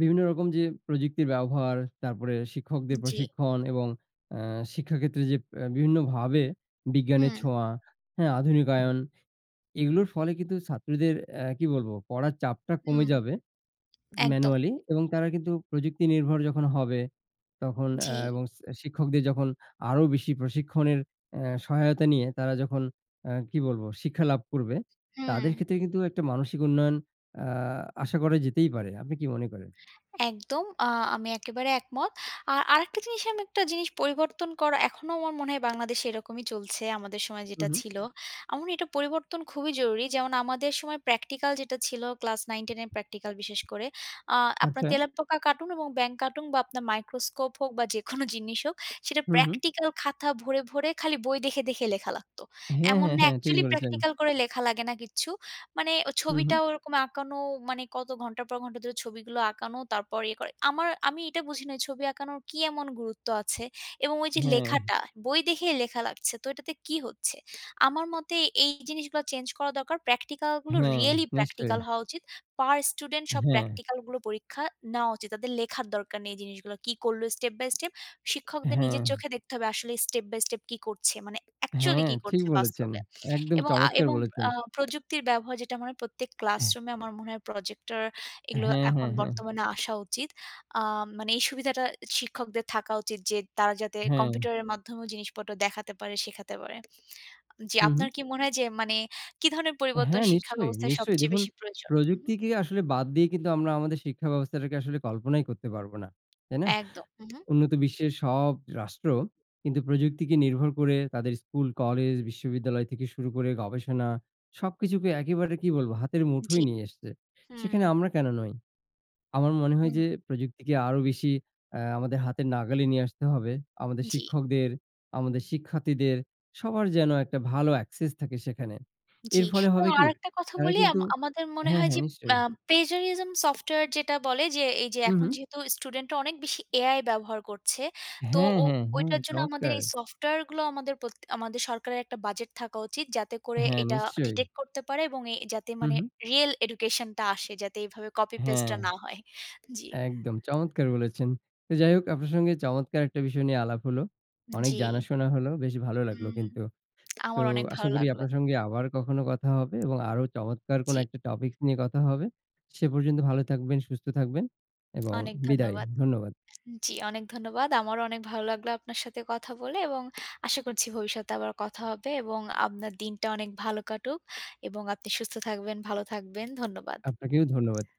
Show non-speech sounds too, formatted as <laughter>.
বিভিন্ন রকম যে, প্রযুক্তির ব্যবহার, তারপরে শিক্ষকদের জি। প্রশিক্ষণ এবং আ শিক্ষাক্ষেত্রে যে, বিভিন্নভাবে বিজ্ঞানের হুম। ছোঁয়া, হ্যা? আধুনিকায়ন, এগুলোর ফলে কিন্তু ছাত্রদের অ্যাঁ কি বলব? পড়ার চাপটা কমে হুম, যাবে, একদম। ম্যানুয়ালি এবং তারা কিন্তু প্রযুক্তি নির্ভর যখন হবে, তখন আ জি। এবং সি আ শিক্ষকদের যখন আরও বেশি প্রশিক্ষণের এ সহায়তা নিয়ে তারা যখন আ কি বলব? শিক্ষা লাভ করবে, হুম। তাদের ক্ষেত্রে কিন্তু একটা মানসিক উন্নয়ন আ আশা করা যেতেই পারে। আপনি কি মনে করেন? একদম, আ আমি একেবারে একমত। আ আরেকটা জিনিস আমি একটা জিনিস পরিবর্তন করা, এখনও আমার মনে হয় বাংলাদেশে এরকমই চলছে, আমাদের সময় হু, যেটা হুম। ছিল। আমার মনে এটা পরিবর্তন খুবই জরুরি। যেমন আমাদের সময় প্র্যাকটিক্যাল যেটা ছিল, ক্লাস 9-10 এর প্র্যাকটিক্যাল বিশেষ করে, আ আপনার আচ্ছা। তেলাপোকা কাটুন এবং ব্যাঙ কাটুন বা আপনার মাইক্রোস্কোপ হোক বা যেকোনো জিনিস হোক, সেটা হু, হুম। প্র্যাকটিক্যাল খাতা ভরে, ভরে খালি বই দেখে, দেখে লেখা লাগত। হ্যা, এমন হ্যা, না? হ্যা, ঠিক একচুয়ালি বলেছেন। প্র্যাকটিক্যাল করে লেখা লাগে না কিচ্ছু। মানে ও হু, ছবিটা হুম। ওরকম আঁকানো মানে, কত ঘণ্টার পর ঘণ্টা ধরে ছবিগুলো আঁকানো তারপর ইয়ে করা। আমার আমি এটা বুঝি না, এই ছবি আঁকানোর কি এমন গুরুত্ব আছে? এবং ওই যে, হ্যা। লেখাটা, বই দেখেই লেখা লাগছে। তো এটাতে কি হচ্ছে? আমার মতে এই জিনিসগুলা চেঞ্জ করা দরকার। প্র্যাকটিক্যালগুলো হ্যা, রিয়েলি নিশ্চয়ই। প্র্যাকটিক্যাল হওয়া উচিত। পার স্টুডেন্ট সব হ্যা। প্র্যাকটিক্যালগুলো পরীক্ষা নেওয়া উচিত। তাদের লেখার দরকার নেই জিনিসগুলো। কি করল? স্টেপ বাই স্টেপ, শিক্ষকদের নিজের হ্যা। চোখে দেখতে হবে আসলে স্টেপ বাই স্টেপ কি করছে? মানে হ্যা, একচুয়ালি কি ঠিক করছে বলেছেন। বাস্তবে? একদম এবং আ চমৎকার এবং বলেছেন। আ প্রযুক্তির ব্যবহার যেটা মনে হয়, প্রত্যেক হ্যা। ক্লাসরুমে আমার মনে হয় প্রজেক্টর এগুলো হ্যা, হ্যা, এখন হ্যা। বর্তমানে আসা উচিত। আ মানে এই সুবিধাটা শিক্ষকদের থাকা উচিত যে, তারা যাতে হ্যা। কম্পিউটারের মাধ্যমেও জিনিসপত্র দেখাতে পারে, শেখাতে পারে। জি, হু, হুম। আপনার কি মনে হয় যে, মানে, কি ধরনের হ্যা, পরিবর্তন শিক্ষা নিশ্চয়ই, ব্যবস্থায় নিশ্চয়ই। সবচেয়ে দেখুন, বেশি প্রয়োজন? হু, হুম? প্রযুক্তিকে আসলে বাদ দিয়ে কিন্তু আমরা আমাদের শিক্ষা ব্যবস্থাকে আসলে কল্পনাই করতে পারব না। তাই না? একদম, উহু। উন্নত বিশ্বের সব রাষ্ট্র কিন্তু প্রযুক্তিকে নির্ভর করে তাদের স্কুল, কলেজ, বিশ্ববিদ্যালয় থেকে শুরু করে গবেষণা, সবকিছুকে একেবারে কি বলব? হাতের জি, মুঠোয় নিয়ে আসছে। সেখানে হুম। আমরা কেন নই? আমার মনে হয় হুম। যে, প্রযুক্তিকে আরও বেশি আ আমাদের হাতের নাগালে নিয়ে আসতে হবে। আমাদের জি। শিক্ষকদের, আমাদের শিক্ষার্থীদের, সবার যেন একটা ভালো একসেস থাকে সেখানে। জি, এর ফলে এবং হবে কি? আরেকটা কথা তারা বলি? আম কিন্তু আমাদের মনে হ্যা, হয় হ্যা, যে, অ্যা নিশ্চয়ই। প্লেজারিজম সফটওয়্যার যেটা বলে যে, এই যে, হু, এখন হুম। যেহেতু স্টুডেন্টরা অনেক বেশি AI ব্যবহার করছে, তো হ্যা, ও হ্যা, হ্যা, ওইটার জন্য আমাদের চমৎকার! এই সফটওয়্যার গুলো আমাদের প্রতি আমাদের সরকারের একটা বাজেট থাকা উচিত যাতে করে হ্যা, এটা নিশ্চয়ই। ডিটেক্ট করতে পারে এবং এ যাতে হু, মানে হুম। রিয়েল এডুকেশন টা আসে, যাতে এভাবে কপি হ্যা। পেস্ট টা না হয়, জি। একদম চমৎকার বলেছেন। তো যাই হোক, আপনার সঙ্গে চমৎকার একটা বিষয় নিয়ে আলাপ হল। হুম, অনেক জি। জানাশোনা হল। বেশ ভালো লাগল হুম, কিন্তু। তো আমারও অনেক আশা ভালো করি লাগলো। আপনার সঙ্গে আবার কখনো কথা হবে এবং আরও চমৎকার কোন জি। একটা টপিকস নিয়ে কথা হবে। সে পর্যন্ত ভালো থাকবেন, সুস্থ থাকবেন এবং অনেক বিদায়। ধন্যবাদ ধন্যবাদ। জি, অনেক ধন্যবাদ। আমারও অনেক ভালো লাগলো আপনার সাথে কথা বলে এবং <clicks tongue> আশা করছি ভবিষ্যতে আবারও কথা হবে এবং আপনার দিনটা অনেক ভালো কাটুক এবং আপনি সুস্থ থাকবেন, ভালো থাকবেন, ধন্যবাদ। আপনাকেও ধন্যবাদ।